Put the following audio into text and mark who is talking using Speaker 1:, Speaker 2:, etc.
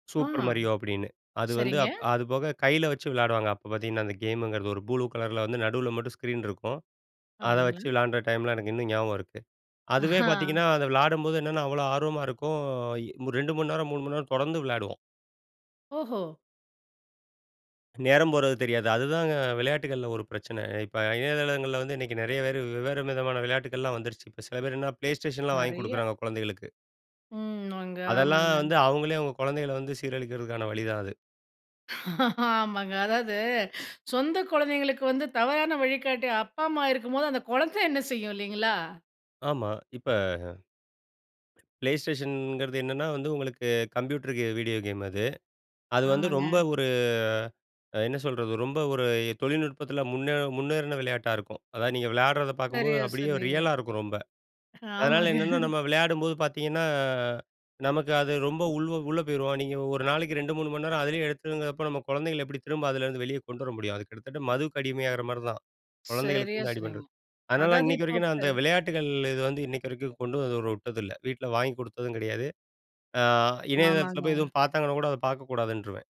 Speaker 1: ஆ,
Speaker 2: super Mario அப்படின்னு. அது வந்து,
Speaker 1: சரிங்க.
Speaker 2: அது போக கையில வச்சு விளையாடுவாங்க அப்போ பார்த்தீங்கன்னா அந்த கேம்ங்கிறது, ஒரு ப்ளூ கலர்ல வந்து நடுவில் மட்டும் ஸ்க்ரீன் இருக்கும். அதை வச்சு
Speaker 1: அப்டிங்களா!
Speaker 2: விளையாடுற டைம்ல எனக்கு இன்னும் ஞாபகம் இருக்கு. அதுவே பார்த்தீங்கன்னா
Speaker 1: ஆ.
Speaker 2: அத விளையாடும்போது என்னென்னா அவ்ளோ ஆர்வமா இருக்கும். 2 மணி நேரம், 3 மணி நேரம் தொடர்ந்து விளையாடுவோம்.
Speaker 1: ஓஹோ!
Speaker 2: நேரம் போறது தெரியாது. அதுதாங்க விளையாட்டுகள்ல ஒரு பிரச்சனை. இப்ப இணையதளங்கள்ல வந்து இன்னைக்கு நிறைய பேரு வெவ்வேறு விதமான விளையாட்டுகள் எல்லாம் வந்துருச்சு. சில பேர் Play Station வாங்கி
Speaker 1: நிறைய.
Speaker 2: கொடுக்குறாங்க குழந்தைகளுக்கு.
Speaker 1: ம். அங்க
Speaker 2: அதெல்லாம்
Speaker 1: ஆமாங்க.
Speaker 2: வந்து அவங்களே அவங்க குழந்தைகள வந்து சீரழிக்கிறதுக்கான வழிதான் அது.
Speaker 1: ஆமாங்க. அதாவது சொந்த குழந்தைகளுக்கு வந்து தவறான வழிகாட்டி அப்பா அம்மா இருக்கும்போது. அந்த குழந்தை என்ன செய்யும் இல்லைங்களா?
Speaker 2: ஆமா. இப்ப Play Stationகிறது என்னன்னா வந்து உங்களுக்கு கம்ப்யூட்டர் வீடியோ கேம் அது. அது வந்து ரொம்ப
Speaker 1: ஆமாங்க.
Speaker 2: ஒரு என்ன சொல்றது. ரொம்ப ஒரு தொழில்நுட்பத்துல முன்னே முன்னேறின விளையாட்டா இருக்கும். அதாவது நீங்க விளையாடுறத பார்க்கும்போது
Speaker 1: சரியா
Speaker 2: அப்படியே
Speaker 1: சொன்னீங்க.
Speaker 2: ரியலா இருக்கும் ரொம்ப. அதனால
Speaker 1: ஆமாங்க.
Speaker 2: என்னென்ன நம்ம விளையாடும்போது பார்த்தீங்கன்னா, நமக்கு அது ரொம்ப உள்வ உள்ளே போயிருவோம். நீங்க ஒரு நாளைக்கு 2 3 மணி நேரம் அதுலயே எடுத்துங்கிறப்போ, நம்ம குழந்தைகளை எப்படி திரும்ப அதுலேருந்து வெளியே கொண்டு வர முடியும். அது கிட்டத்தட்ட மதுக்கு அடிமையாகற மாதிரி தான்.
Speaker 1: சரியா
Speaker 2: குழந்தைகளுக்குருந்து அடி
Speaker 1: சொன்னீங்க.
Speaker 2: பண்ணுறது. அதனால
Speaker 1: அதாவது
Speaker 2: இன்னைக்கு
Speaker 1: இப்போ
Speaker 2: வரைக்கும்
Speaker 1: ப
Speaker 2: நான் அந்த விளையாட்டுகள் இது வந்து இன்னைக்கு வரைக்கும் கொண்டு விட்டதில்லை. வீட்டில வாங்கிக் கொடுத்ததும் கிடையாது. அ இணையதளத்துல போய்
Speaker 1: ஆமாங்க.
Speaker 2: எதுவும் பார்த்தாங்கன்னா கூட, அதை பார்க்க கூடாதுன்ருவேன்.